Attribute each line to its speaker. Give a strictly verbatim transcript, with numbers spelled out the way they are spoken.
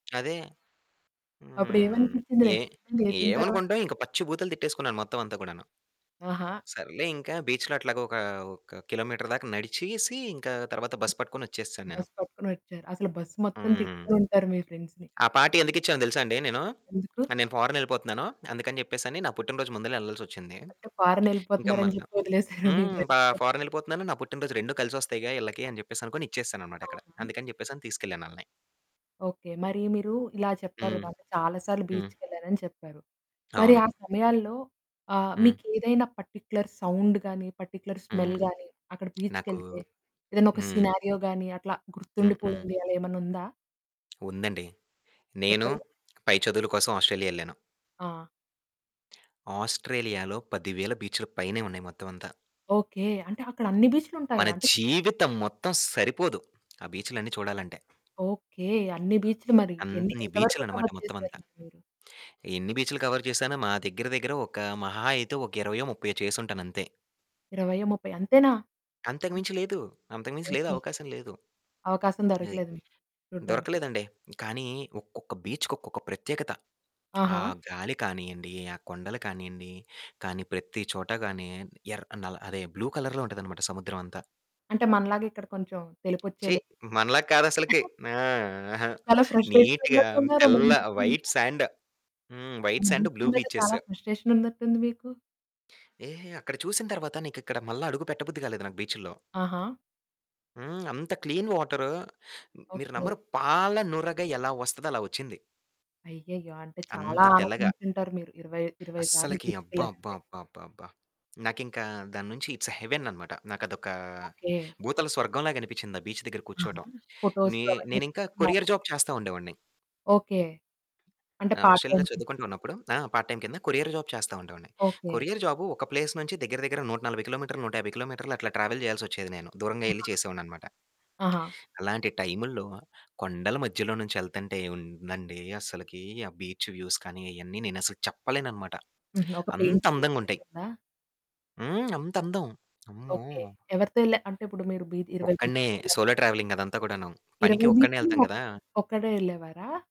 Speaker 1: అదే. హ్మ్.
Speaker 2: అప్పుడేమనిపిచ్చింది
Speaker 1: ఏ
Speaker 2: నెక్స్ట్ దేసిన తర్వాత.
Speaker 1: ఏమనుకుంటాం ఇంక పచ్చి బూతులు తిట్టేసుకున్నాను మొత్తం అంతా కూడాను.
Speaker 2: ఆహా!
Speaker 1: సర్లే ఇంకా బీచ్‌లో అట్లాగా ఒక, ఒక కిలోమీటర్ దాక నడిచేసి ఇంకా తర్వాత బస్ పట్టుకొని వచ్చేసాను నేను.
Speaker 2: బస్ పట్టుకొనొచ్చారు. అసలు బస్ మొత్తం
Speaker 1: హ్మ్.
Speaker 2: తిట్టుకొని ఉంటారు మీ ఫ్రెండ్స్‌ని.
Speaker 1: ఆ పార్టీ ఎందుకు ఇచ్చానో తెలుసా అండి నేను,
Speaker 2: ఎందుకు?
Speaker 1: ఆహ్, నేను ఫోరెన్ ఎళ్ళిపోతున్నాను అందుకని చెప్పేసి అని నా పుట్టినరోజు ముందలే ఎళ్ళాల్సొచ్చింది.
Speaker 2: అంటే
Speaker 1: ఇంక
Speaker 2: ఫోరెనెళ్ళిపోతున్నారు అని
Speaker 1: మల్ల
Speaker 2: చెప్పి వదిలేసారా, మీ
Speaker 1: హ్మ్. బ
Speaker 2: ఫ్రెండ్స్‌ మిరు?
Speaker 1: ఫోరెన్ ఎళ్ళిపోతున్నాను, నా పుట్టినరోజు రెండు కలిసి వస్తాయిగా ఈళ్ళకి అని చెప్పేసి అనుకోని ఇచ్చేసాననమాట ఇక్కడ.
Speaker 2: అవునా!
Speaker 1: అందుకని చెప్పేసని తీసుకెళ్ళాను ఆళ్ళని.
Speaker 2: ఓకె. మరి మీరు ఇలా చెప్పారు
Speaker 1: హ్మ్.
Speaker 2: కదా! అంటే చాలా సార్లు
Speaker 1: హ్మ్.
Speaker 2: బీచ్‌కెళ్ళానని చెప్పారు. మరి
Speaker 1: అవును.
Speaker 2: ఆ సమయాల్లో ఆహ్,
Speaker 1: హ్మ్.
Speaker 2: మీకేదైనా పర్టిక్యులర్ సౌండ్ గాని, పర్టిక్యులర్ స్మెల్
Speaker 1: హ్మ్.
Speaker 2: గాని అక్కడ
Speaker 1: నాకు
Speaker 2: బీచ్‌కెళ్తే ఏదైనా ఒక
Speaker 1: హ్మ్.
Speaker 2: సినారియో గాని అట్లా
Speaker 1: హ్మ్, హ్మ్.
Speaker 2: గుర్తుండిపోయింది అలా ఏమైనా ఉందా?
Speaker 1: ఉందండి. నేను
Speaker 2: చెప్పండి.
Speaker 1: పై చదువుల కోసం ఆస్ట్రేలియా ఎళ్ళాను.
Speaker 2: ఆ!
Speaker 1: ఆస్ట్రేలియాలో పదివేల బీచ్ల పైనే ఉన్నాయి మొత్తమంతా.
Speaker 2: ఓకె. అంటే అక్కడ అన్ని బీచ్లు
Speaker 1: మన
Speaker 2: ఉంటాయా? అంటే
Speaker 1: జీవితం మొత్తం సరిపోదు ఆ బీచ్లన్నీ చూడాలంటే.
Speaker 2: ఓకె. అన్ని బీచ్లు మరి. ఎన్ని
Speaker 1: అన్ని
Speaker 2: ఎంత వరకు
Speaker 1: బీచుల్లనమాట
Speaker 2: కవర్ చేసారు
Speaker 1: మొత్తమంత.
Speaker 2: మరి మీరు?
Speaker 1: ఎన్ని బీచులు కవర్ చేశాను మా దగ్గర దగ్గర ఒక మహా అయితే ఒక ఇరవైయో, ముప్పైయో చేసి ఉంటానంతే.
Speaker 2: ఇరవైయో, ముప్పైయో అంతేనా?
Speaker 1: అంతకు మించి లేదు. అంతకు మించి లేదు
Speaker 2: ఓకె.
Speaker 1: అవకాశం లేదు.
Speaker 2: అవకాశం
Speaker 1: ఏయ్!
Speaker 2: దొరకలేదు మీకు చూడ్డానికి.
Speaker 1: దొరకలేదండి కానీ ఒక్కొక్క బీచ్‌కి ఒక్కొక్క ప్రత్యేకత. ఆ
Speaker 2: ఆహా!
Speaker 1: గాలి కానియండి, ఆ కొండలు కానియండి, కానీ ప్రతి చోట గాని ఎర్ అ అదే బ్లూ కలర్‌లో ఉంటదనమాట సముద్రమంతా.
Speaker 2: అంటే మనలాగా ఇక్కడ కొంచెం
Speaker 1: ఛీ!
Speaker 2: తెలుపుచ్చేలే
Speaker 1: మనలాగా కాదసలకి ఆ! అహా!
Speaker 2: చాలా ఫ్రస్ట్రేషన్‌లో
Speaker 1: నీట్‌గా
Speaker 2: ఉన్నట్టున్నారు. మన
Speaker 1: తెల్ల,
Speaker 2: బీచ్ల మీదా.
Speaker 1: White sand. హ్మ్.
Speaker 2: మన
Speaker 1: వైట్స్ సాండ్
Speaker 2: బీచుల
Speaker 1: బ్లూ
Speaker 2: మీద
Speaker 1: బీచెస్.
Speaker 2: చాలా ఫ్రస్ట్రేషన్ ఉన్నట్టుంది మీకు?
Speaker 1: ఏహే! అక్కడ చూసిన తర్వాత నీకు ఇక్కడ మళ్ళా అడుగు పెట్ట బుద్ధి కాలేదు నాకు బీచుల్లో.
Speaker 2: ఆహా!
Speaker 1: హ్మ్. అంత క్లీన్ వాటరు. మీరు
Speaker 2: ఓకె.
Speaker 1: నమ్మరు పాల నురగ ఎలా వస్తదో, అలా వచ్చింది.
Speaker 2: అయ్యయ్యో! అంటే చాలా
Speaker 1: అంత తెల్లగా
Speaker 2: ఆనందించి ఉంటారు. మీరు ఇరవై ఇరవై సార్లు
Speaker 1: అస్సలకి అబ్బా! అబ్బా!
Speaker 2: బీచ్‌కెళ్ళారంటే.
Speaker 1: అబ్బా! అబ్బా! అబ్బా! నాకింక దాన్నుంచి ఐట్స్ ఏ హెవెన్ అనమాట. నాకదొక
Speaker 2: ఓకె.
Speaker 1: భూతల స్వర్గం లాగా అనిపిచ్చింది, ఆ బీచ్ దగ్గర
Speaker 2: ఆహా!
Speaker 1: కూర్చోవటం.
Speaker 2: ఫోటోసు
Speaker 1: నేన్
Speaker 2: అవన్నీ
Speaker 1: నేనింక
Speaker 2: తీసుకున్నారా?
Speaker 1: కొరియర్ జాబ్ చేస్తా ఉండేవాడిని.
Speaker 2: ఓకె. అంటే పార్ట్
Speaker 1: ఆస్ట్రేలియాలో
Speaker 2: టైమ్ కింద.
Speaker 1: చదువుకుంటూ ఉన్నప్పుడు, ఆ! పార్ట్ టైమ్ కింద కొరియర్ జాబ్ చేస్తా ఉండేవాడిని.
Speaker 2: ఓకె.
Speaker 1: కొరియర్ జాబు ఒక ప్లేస్ నుంచి దగ్గర దగ్గర నూట నలబై కిలోమీటర్లు, నూట యాబై కిలోమీటర్లు అట్లా ట్రావెల్ చేయాల్సి వచ్చేది నేను. దూరంగా
Speaker 2: ఆహా!
Speaker 1: ఎళ్లి చేసేవాడిననమాట.
Speaker 2: ఆహా!
Speaker 1: అలాంటి టైముల్లో కొండల మధ్యలో నుంచి ఎళ్తుంటే ఏముందండి అసలకి ఆ బీచ్ వ్యూస్ కానీ అయన్నీ నేనసలు చెప్పలేననమాట.
Speaker 2: హుహు. ఒక
Speaker 1: అంత అందంగుంటాయి.
Speaker 2: పెయింటింగేసినట్టుందా?
Speaker 1: హ్మ్. అంత అందం అమ్మో!
Speaker 2: ఓకె. ఎవరితో ఎళ్ళా అంటే ఇప్పుడు మీరు బి ఇరవై
Speaker 1: ఒక్కడినే
Speaker 2: బీచ్లుకెళ్లానన్
Speaker 1: సోలో ట్రావెలింగ్ అదంతా కూడాను పనికి
Speaker 2: ఇరవై
Speaker 1: ఒక్కడినే
Speaker 2: బీచ్లు
Speaker 1: ఎళ్తాం కదా!
Speaker 2: ఒకడే ఒక్కడే ఎళ్ళేవారా?